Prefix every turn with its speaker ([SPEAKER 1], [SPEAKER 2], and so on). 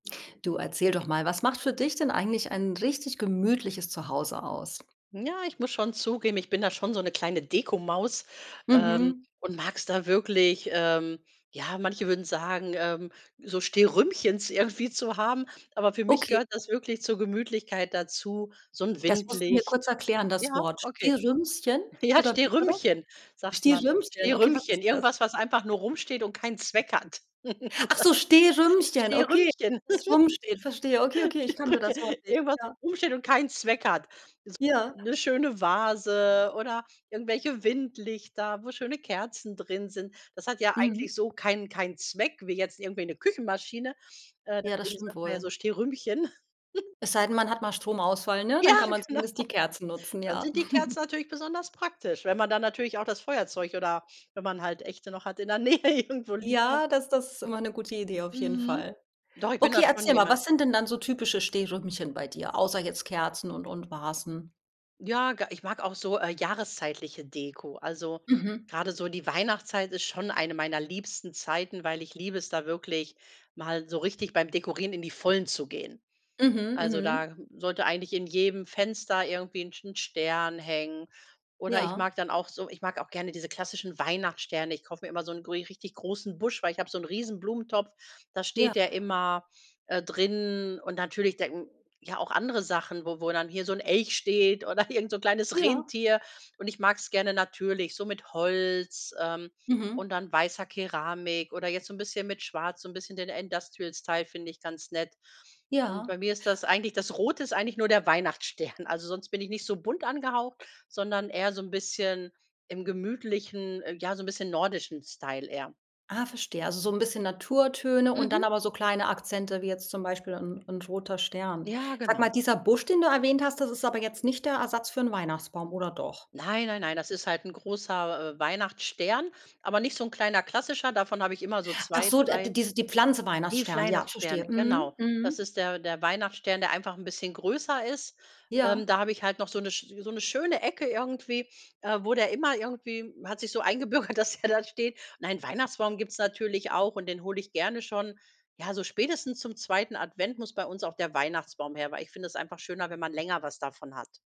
[SPEAKER 1] Du, erzähl doch mal, was macht für dich denn eigentlich ein richtig gemütliches Zuhause aus?
[SPEAKER 2] Ja, ich muss schon zugeben, ich bin da schon so 'ne kleine Dekomaus, ähm,
[SPEAKER 1] Mhm.
[SPEAKER 2] und mag's da wirklich ähm, ja, manche würden sagen, ähm, so Stehrümchens irgendwie zu haben, aber für mich
[SPEAKER 1] Okay.
[SPEAKER 2] gehört das wirklich zur Gemütlichkeit dazu, so 'n
[SPEAKER 1] Das musst du mir kurz
[SPEAKER 2] Windlicht
[SPEAKER 1] erklären,
[SPEAKER 2] ja,
[SPEAKER 1] das Wort.
[SPEAKER 2] okay.
[SPEAKER 1] Stehrümschen
[SPEAKER 2] Ja,
[SPEAKER 1] oder wie war das?
[SPEAKER 2] Stehrümchen, sagt man
[SPEAKER 1] Stehrümchen, okay, was
[SPEAKER 2] Stehrümchen
[SPEAKER 1] ist das?
[SPEAKER 2] irgendwas, was einfach nur rumsteht und keinen Zweck hat.
[SPEAKER 1] Ach so, Stehrümchen, okay,
[SPEAKER 2] Stehrümchen.
[SPEAKER 1] das rumsteht, verstehe. Okay, okay, ich kannte
[SPEAKER 2] Stehrümchen
[SPEAKER 1] das Wort nicht.
[SPEAKER 2] irgendwas,
[SPEAKER 1] Ja.
[SPEAKER 2] was rumsteht und keinen Zweck hat.
[SPEAKER 1] Ja.
[SPEAKER 2] [unintelligible] 'ne schöne Vase oder irgendwelche Windlichter, wo schöne Kerzen drin sind. Das hat ja
[SPEAKER 1] Mhm.
[SPEAKER 2] eigentlich so keinen keinen Zweck, wie jetzt irgendwie 'ne Küchenmaschine, äh,
[SPEAKER 1] Ja, das
[SPEAKER 2] deswegen
[SPEAKER 1] stimmt
[SPEAKER 2] sagt man, ja, so
[SPEAKER 1] wohl.
[SPEAKER 2] Stehrümchen.
[SPEAKER 1] Es sei denn, man hat mal Stromausfall, ne,
[SPEAKER 2] Ja,
[SPEAKER 1] dann kann man
[SPEAKER 2] genau.
[SPEAKER 1] zumindest die Kerzen nutzen,
[SPEAKER 2] Dann
[SPEAKER 1] ja.
[SPEAKER 2] sind die Kerzen natürlich besonders praktisch, wenn man dann natürlich auch das Feuerzeug oder, wenn man halt Echte noch hat, in der Nähe irgendwo liegen hat.
[SPEAKER 1] Ja, das das ist immer 'ne gute Idee, auf jeden
[SPEAKER 2] Mhm.
[SPEAKER 1] Fall.
[SPEAKER 2] Doch, ich bin da
[SPEAKER 1] Okay,
[SPEAKER 2] schon
[SPEAKER 1] erzähl mal,
[SPEAKER 2] jemand
[SPEAKER 1] was sind denn dann so typische Stehrümchen bei dir, außer jetzt Kerzen und und Vasen?
[SPEAKER 2] Ja, ga ich mag auch so, äh, jahreszeitliche Deko. Also,
[SPEAKER 1] Mhm.
[SPEAKER 2] grade so die Weihnachtszeit ist schon eine meiner liebsten Zeiten, weil ich liebe es, da wirklich mal so richtig beim Dekorieren in die Vollen zu gehen.
[SPEAKER 1] Mhm.
[SPEAKER 2] Also,
[SPEAKER 1] Mhm.
[SPEAKER 2] da sollte eigentlich in jedem Fenster irgendwie 'n St 'n Stern hängen oder ich
[SPEAKER 1] Ja.
[SPEAKER 2] mag dann auch so ich mag auch gerne diese klassischen Weihnachtssterne. Ich kaufe mir immer so 'n gri richtig großen Busch, weil ich habe so 'n riesen Blumentopf, da
[SPEAKER 1] Ja.
[SPEAKER 2] steht der immer, äh, drin und natürlich den ja, auch andere Sachen, wo wo dann hier so 'n Elch steht oder irgend so 'n kleines
[SPEAKER 1] Ja.
[SPEAKER 2] Rentier. Und ich mag's gerne natürlich, so mit Holz, ähm, und
[SPEAKER 1] Mhm.
[SPEAKER 2] dann weißer Keramik oder jetzt so 'n bisschen mit Schwarz so 'n bisschen den Industrial-Style finde ich ganz nett. Und
[SPEAKER 1] Ja.
[SPEAKER 2] bei mir ist das eigentlich das Rote ist eigentlich nur der Weihnachtsstern. Also sonst bin ich nicht so bunt angehaucht, sondern eher so 'n bisschen im gemütlichen ähm, ja, so 'n bisschen nordischen Style eher.
[SPEAKER 1] Ah. Verstehe. Also so 'n bisschen Naturtöne und dann
[SPEAKER 2] Mhm.
[SPEAKER 1] aber so kleine Akzente wie jetzt zum Beispiel 'n 'n roter Stern.
[SPEAKER 2] Ja,
[SPEAKER 1] Sag mal,
[SPEAKER 2] genau.
[SPEAKER 1] dieser Busch, den du erwähnt hast, das ist aber jetzt nicht der Ersatz für 'n Weihnachtsbaum, oder doch?
[SPEAKER 2] Nein, nein, nein, das ist halt 'n großer, äh, Weihnachtsstern, aber nicht so 'n kleiner klassischer davon habe ich immer so
[SPEAKER 1] Ach
[SPEAKER 2] 2,
[SPEAKER 1] so, äh, d di
[SPEAKER 2] 3,
[SPEAKER 1] diese die Pflanze
[SPEAKER 2] ne, fl
[SPEAKER 1] Weihnachtsstern, ja,
[SPEAKER 2] Weihnachtsstern,
[SPEAKER 1] verstehe. Mhm.
[SPEAKER 2] genau. Das
[SPEAKER 1] Mhm.
[SPEAKER 2] ist der der Weihnachtsstern, der einfach 'n bisschen größer ist. Ähm,
[SPEAKER 1] Ja.
[SPEAKER 2] da habe ich halt noch so 'ne sch so 'ne schöne Ecke irgendwie, äh, wo der immer irgendwie hat sich so eingebürgert, dass der da steht. Nein, Weihnachtsbaum gibt's natürlich auch und den hole ich gerne schon ja, so spätestens zum 2. Advent muss bei uns auch der Weihnachtsbaum her, weil ich finde es einfach schöner, wenn man länger was davon hat.